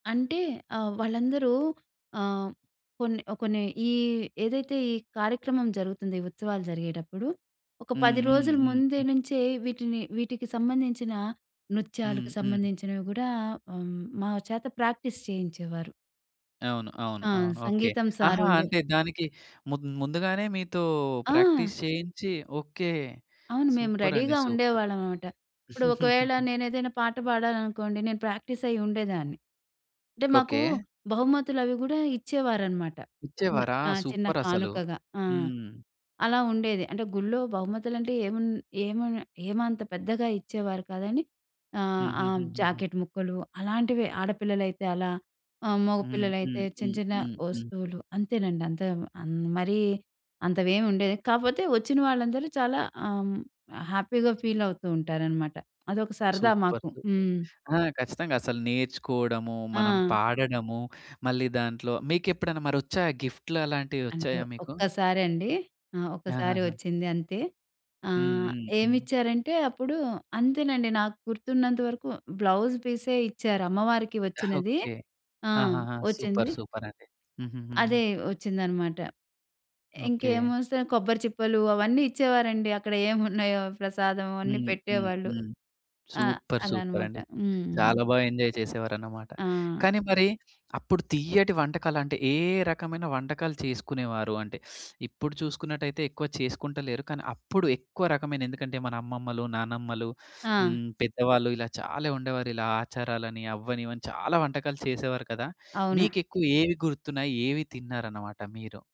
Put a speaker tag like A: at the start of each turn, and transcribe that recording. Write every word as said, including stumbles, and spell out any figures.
A: అంటే ఆహ్, వాళ్ళందరూ ఆహ్, కొన్ని, కొన్ని ఈ ఏదైతే ఈ కార్యక్రమం జరుగుతుంది ఈ ఉత్సవాలు జరిగేటప్పుడు ఒక
B: హ్మ్.
A: పది
B: హ్మ్.
A: రోజుల
B: హ్మ్.
A: ముందు
B: హ్మ్.
A: నుంచే వీటిని వీటికి సంబంధించిన
B: హ్మ్.
A: నృత్యాలకు
B: హ్మ్.
A: సంబంధించినవి కూడా హ్మ్. మా చేత ప్రాక్టీస్ చేయించేవారు.
B: అవును. అవును.
A: ఆ!
B: అవును. ఓకే.
A: సంగీతం సార్
B: ఆహా!
A: ఉండే
B: అంటే దానికి ముందు ముందుగానే మీతో
A: ఆ!
B: ప్రాక్టీస్ చేయించి ఓకే.
A: అవును. మేము
B: సూపర్ అండి,
A: రెడీ‌గా
B: సూపర్!
A: ఉండేవాళ్ళం అన్నమాట. ఇప్పుడు ఒకవేళ నేనేదైనా పాట పాడాలనుకోండి, నేను ప్రాక్టీస్ అయ్యి ఉండేదాన్ని. అంటే మాకు
B: ఓకే.
A: బహుమతులు అవి కూడా ఇచ్చేవారనమాట. చిన్న
B: ఇచ్చేవారా?
A: ఆ! చిన్న
B: సూపర్ అసలు.
A: కానుకగా. ఆ!
B: హ్మ్.
A: అలా ఉండేది. అంటే గుళ్లో బహుమతులంటే ఏమున్ ఏమన్ ఏమంత పెద్దగా ఇచ్చేవారు కాదని. ఆహ్, ఆ!
B: హుహుహుహుహు.
A: జాకెట్ ముక్కలు అలాంటివే ఆడపిల్లలైతే అలా ఆహ్,
B: హ్మ్.
A: మగపిల్లలైతే
B: హ్మ్.
A: చిన్న
B: హ్మ్.
A: చిన్న
B: హ్మ్. హ్మ్.
A: వస్తువులు అంతేనండి. అంత అన్ మరీ అంతవేమి ఉండేది. కాపోతే వచ్చిన వాళ్ళందరూ చాలా ఆహ్, హ్యాపీగా ఫీల్ అవుతూ ఉంటారనమాట. అదొక సరదా
B: సూపర్!
A: మాకు.
B: సూపర్!
A: హ్మ్.
B: ఆ! ఖచ్చితంగా అసలు నేర్చుకోవడము, మనం
A: ఆ!
B: పాడడము, మళ్ళీ దాంట్లో మీకెప్పుడన్న మరి వచ్చాయా గిఫ్ట్‌ల
A: అంటే
B: అలాంటివొచ్చాయా మీకు?
A: ఒక్కసారండి. ఆ! ఒకసారి
B: ఆహాహా!
A: వచ్చింది అంతే.
B: హ్మ్.
A: ఆహ్,
B: హ్మ్. హ్మ్.
A: ఏమిచ్చారంటే అప్పుడు, అంతేనండి నాకు గుర్తున్నంత వరకు బ్లౌజ్ పీసే ఇచ్చారు అమ్మవారికి వచ్చినది.
B: ఓకే.
A: ఆ!
B: ఆహాహా! సూపర్!
A: వచ్చింది.
B: సూపర్ అండి. హుహుహుహు.
A: అదే వచ్చిందన్నమాట.
B: ఓకే.
A: ఇంకేమొస్తాయి కొబ్బరి చిప్పలు అవన్నీ ఇచ్చేవారండి. అక్కడ ఏమున్నాయో ప్రసాదం అవన్నీ
B: హ్మ్. హ్మ్.
A: పెట్టేవాళ్ళు.
B: హ్మ్.
A: ఆహ్,
B: సూపర్! సూపర్
A: అలాన్నమాట.
B: అండి.
A: హ్మ్.
B: చాలా బాగా ఎంజాయ్ చేసేవారన్నమాట.
A: ఆ!
B: కానీ, మరి అప్పుడు తియ్యటి వంటకాలంటే, ఏ రకమైన వంటకాలు చేసుకునేవారు? అంటే, ఇప్పుడు చూసుకున్నట్టయితే ఎక్కువ చేసుకుంటలేరు. కానీ, అప్పుడు ఎక్కువ రకమైన ఎందుకంటే మన అమ్మమ్మలు, నానమ్మలు
A: ఆ!
B: హ్మ్, పెద్దవాళ్ళు, ఇలా చాలా ఉండేవారిలా ఆచారాలని, అవని ఇవని చాలా వంటకాలు చేసేవారు కదా!
A: అవును.
B: మీకెక్కువ ఏవి గుర్తున్నాయి ఏవి తిన్నారన్నమాట మీరు?